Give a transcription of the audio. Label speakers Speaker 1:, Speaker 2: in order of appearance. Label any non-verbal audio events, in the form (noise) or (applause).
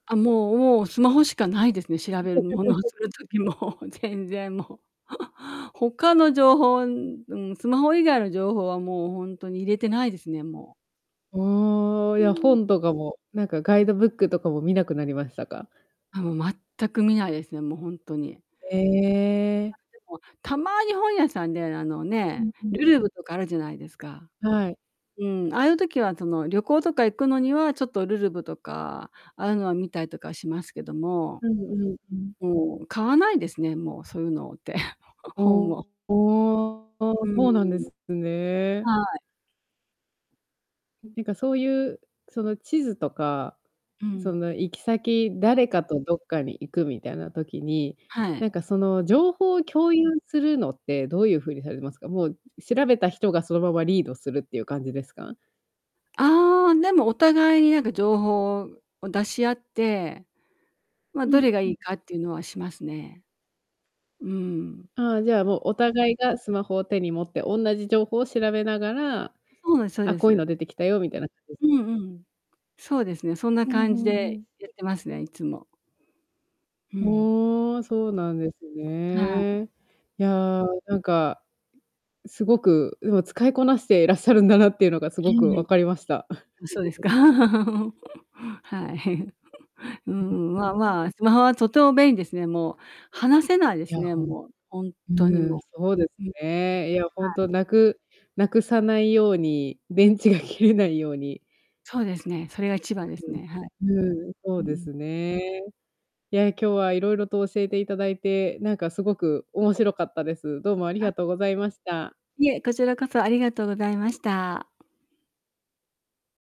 Speaker 1: あ、もうもう、スマホしかないですね。調べるものをする
Speaker 2: (laughs)
Speaker 1: 時も、全然もう。(chuckles) 他の情報うんうん、スマホ以外の情報はもうほんとに入れてないですね、もう。
Speaker 2: ああ、
Speaker 1: うー
Speaker 2: や、
Speaker 1: ん。
Speaker 2: 本とかも、なんかガイドブックとかも見なくなりましたか？
Speaker 1: あ、もう全く見ないですね、もうほんとに。(unintelligible) あ、
Speaker 2: ええ。
Speaker 1: でも、たまに本屋さんで、あの
Speaker 2: う
Speaker 1: ね、
Speaker 2: んうん。
Speaker 1: るるぶとかあるじゃないですか。
Speaker 2: はい。
Speaker 1: うーん、ああいう時は、その、旅行とか行くのには、ちょっとるるぶとか、ああいうのは見たりとかしますけども。
Speaker 2: うんうんうん。
Speaker 1: もう買わないですね、もうそういうのって。ほ本を。
Speaker 2: おおお。
Speaker 1: うー
Speaker 2: そうなんで
Speaker 1: ん。
Speaker 2: すね。
Speaker 1: はい。
Speaker 2: ていうか、そういう、その、地図とか、
Speaker 1: う
Speaker 2: そ
Speaker 1: ん。
Speaker 2: の、行き先、誰かとどっかに行くみたいな時に、
Speaker 1: はい。
Speaker 2: なんか、その、情報を共有するのってどういうふうにされてますか？もう、う調べた人がそのままリードするっていう感じですか？
Speaker 1: ああ、でもお互いに、なんか、情報をを、出し合って、ま、
Speaker 2: う
Speaker 1: ど
Speaker 2: ん
Speaker 1: れがい
Speaker 2: う
Speaker 1: い
Speaker 2: ん。
Speaker 1: かっていうのはしますね。うーん。
Speaker 2: ああ、じゃあ、もうお互いがスマホを手に持って同じ情報を調べながら、
Speaker 1: そうですそう
Speaker 2: あ、
Speaker 1: で
Speaker 2: こういうの
Speaker 1: す。
Speaker 2: 出てきたよみたいな感しです
Speaker 1: う
Speaker 2: ね。
Speaker 1: んうん。そうですね、そんな
Speaker 2: ふん
Speaker 1: 感
Speaker 2: ふ
Speaker 1: じ
Speaker 2: んふ
Speaker 1: で
Speaker 2: ん。
Speaker 1: やってますね、いつも。う
Speaker 2: ふ
Speaker 1: ん。
Speaker 2: ーん、そうなんです
Speaker 1: はい。
Speaker 2: ね。やあ、なんか、すごくうの使いこなしてらっしゃるんだなっていうのがすご
Speaker 1: ぎ
Speaker 2: く分
Speaker 1: り。
Speaker 2: かりました。
Speaker 1: うん、そうです
Speaker 2: (giggles)
Speaker 1: か。(laughs) はい。(chuckles) うー
Speaker 2: そうで
Speaker 1: ん、
Speaker 2: す
Speaker 1: ま
Speaker 2: ね。
Speaker 1: ま、スマホはとても便利ですね、もう、話せないです
Speaker 2: や、
Speaker 1: ね、
Speaker 2: ほん
Speaker 1: もう、ほん
Speaker 2: う
Speaker 1: とに
Speaker 2: ーん、
Speaker 1: も
Speaker 2: そうです
Speaker 1: う。うん、は
Speaker 2: ね。いや、ほん
Speaker 1: い。
Speaker 2: と無く無くさないように、電池が切れないように
Speaker 1: そうですね。それが一番ですね。はい。
Speaker 2: うんうん、そ
Speaker 1: う
Speaker 2: うで
Speaker 1: ん。
Speaker 2: すね。や、今日は色々と教えて頂いて、なんかすごく面白かったです。どうもあり
Speaker 1: あ
Speaker 2: がとうございました。
Speaker 1: いえ、こちらこそ、ありがとうございました。